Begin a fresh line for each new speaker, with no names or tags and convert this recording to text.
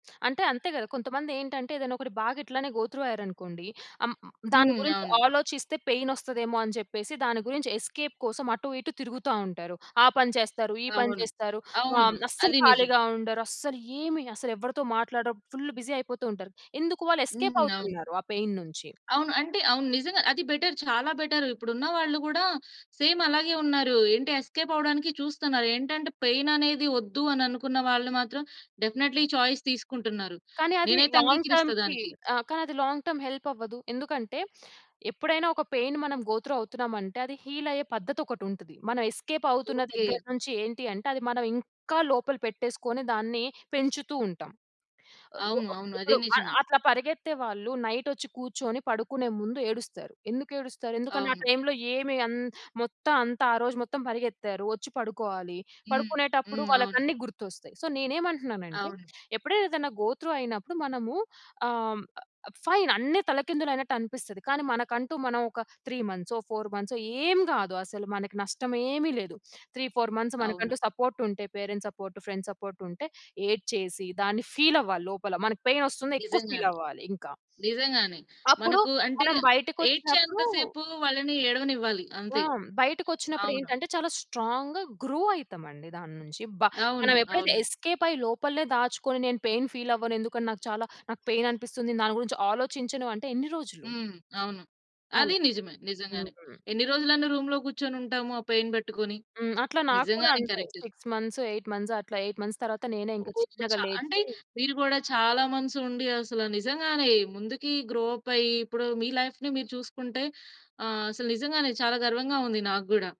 అంటే అంతే కదా! కొంతమందేంటంటే ఏదైనా ఒకటి బాగా ఇట్లానే గో త్రూ అయ్యారనుకోండి. అం దాని
హ్మ్.
గురించి
అవును.
ఆలోచిస్తే పెయిన్ వస్తదేమో అని చెప్పేసి దాని గురించి ఎస్‌కేప్ కోసం, అటు ఇటు తిరుగుతా ఉంటారు. ఆ పని చేస్తారు. ఈ పని
అవును.
చేస్తారు.
అవును.
ఆహ్, అస్సలు
అది నిజం.
ఖాళీగా ఉండరు. అస్సలు ఏమి అసలు ఎవరితో మాట్లాడరు. ఫుల్ బిజీ అయిపోతూ ఉంటారు. ఎందుకు? వాళ్ళు
హ్మ్.
ఎస్‌కేప్
అవును.
అవుతున్నారు. ఆ పెయిన్ నుంచి.
అవును. అంటే అవును. నిజంగా అది బెటర్. చాలా బెటర్. ఇప్పుడు ఉన్న వాళ్ళు కూడా సేమ్ అలాగే ఉన్నారు. ఏంటి! ఎస్కేప్ అవ్వడానికి చూస్తున్నారు. ఏంటంటే పెయిన్ అనేది వద్దు అని అనుకున్న వాళ్ళు మాత్రం డెఫినైట్‌లీ ఈ చాయిస్ తీసుకుంటున్నారు.
కానీ అది
నేనైతే
లాంగ్
అంగీకరిస్తా
టర్మ్‌కి
దానికి.
ఆ! కానీ అది లాంగ్ టర్మ్ హెల్ప్ అవ్వదు. ఎందుకంటే, ఎప్పుడైనా ఒక పెయిన్ మనం గో త్రూ అవుతున్నామంటే అది హీల్ అయ్యే పద్ధతి ఒకటుంటది. మనం ఎస్‌కేప్ అవుతున్న
ఓకే.
దగ్గర నుంచి ఏంటి అంటే, అది మనం ఇంకా లోపల పెట్టేసుకొని దాన్ని పెంచుతూ ఉంటాం. గో
అవును.
ఆహ్,
అవును. అది
ఇప్పుడు అ
నిజమే.
అట్లా పరిగెత్తే వాళ్ళు నైట్ వచ్చి కూర్చొని పడుకునే ముందు ఏడుస్తారు. ఎందుకేడుస్తారు? ఎందుకంటే ఆ
అవును.
టైమ్‌లో ఏమి అంద్ మొత్తం అంతా ఆ రోజు మొత్తం పరిగెత్తారు. వచ్చి పడుకోవాలి.
హ్మ్.
పడుకునేటప్పుడు
హ్మ్. అవును.
వాళ్ళకన్ని గుర్తొస్తాయి. సో, నేనేమంటున్నానంటే,
అవును.
ఎప్పుడైనా ఏదైనా గో త్రూ అయినప్పుడు మనము ఆహ్, హ్మ్. ఫైన్ అన్ని తలకిందులయినట్టనిపిస్తది. కానీ మనకంటూ మనం ఒక త్రీ మంత్సో, ఫౌర్ మంత్సో ఏం కాదు అసలు మనకు నష్టం ఏమి లేదు. 3, 4 మంత్స్
అవును.
మనకంటూ సపోర్ట్ ఉంటే పేరెంట్స్ సపోర్ట్, ఫ్రెండ్స్ సపోర్ట్ ఉంటే, ఏడ్చేసి దాన్ని ఫీల్ అవ్వాలి లోపల. మనకు పెయిన్ వస్తున్నా ఎక్కువ ఫీల్
నిజంగానే.
అవ్వాలి ఇంకా.
నిజంగానే.
అప్పుడు
మనకు అంటే
మనం
ఏడ్చేంత
బయటకొచ్చినప్పుడు
సేపు, వాళ్ళని ఏడవనివ్వాలి.
ఆ!
అంతే.
బయటకు వచ్చినప్పుడు
అవును.
ఏంటంటే చాలా స్ట్రాంగ్‌గా గ్రో అయితామండి దాని నుంచి. బ
అవును.
మనం ఎప్పుడైతే
అవును.
ఎస్‌కేప్ అయ్యి లోపల దాచుకొని, నేను పెయిన్ ఫీల్ అవ్వను. ఎందుకంటే నాకు చాలా నాకు పెయిన్ అనిపిస్తుంది. దాని గురించి ఆలోచించను. అంటే, ఎన్ని రోజులు?
హ్మ్. అవును. అది
అలా.
నిజమే.
హ్మ్.
నిజంగానే. ఎన్ని రోజులని రూమ్‌లో కూర్చొనుంటాము. ఆ పెయిన్ పెట్టుకొని.
హ్మ్. అట్లా నాకు కూడా
నిజంగానే
అంతే.
కరెక్ట్.
6, మంత్స్, 8 మంత్స్ అట్లా 8 మంత్స్ తర్వాత నేనే ఇంకా
ఓహ్!
చిన్నగా
చా అంటే
లేచి
మీరు కూడా చాలా మంత్స్ ఉండి అసలు నిజంగానే ముందుకి గ్రో అప్ అయ్యి, ఇప్పుడు మీ లైఫ్‌ని మీరు చూసుకుంటే, ఆహ్, అసలు నిజంగానే చాలా గర్వంగా ఉంది నాకు కూడా.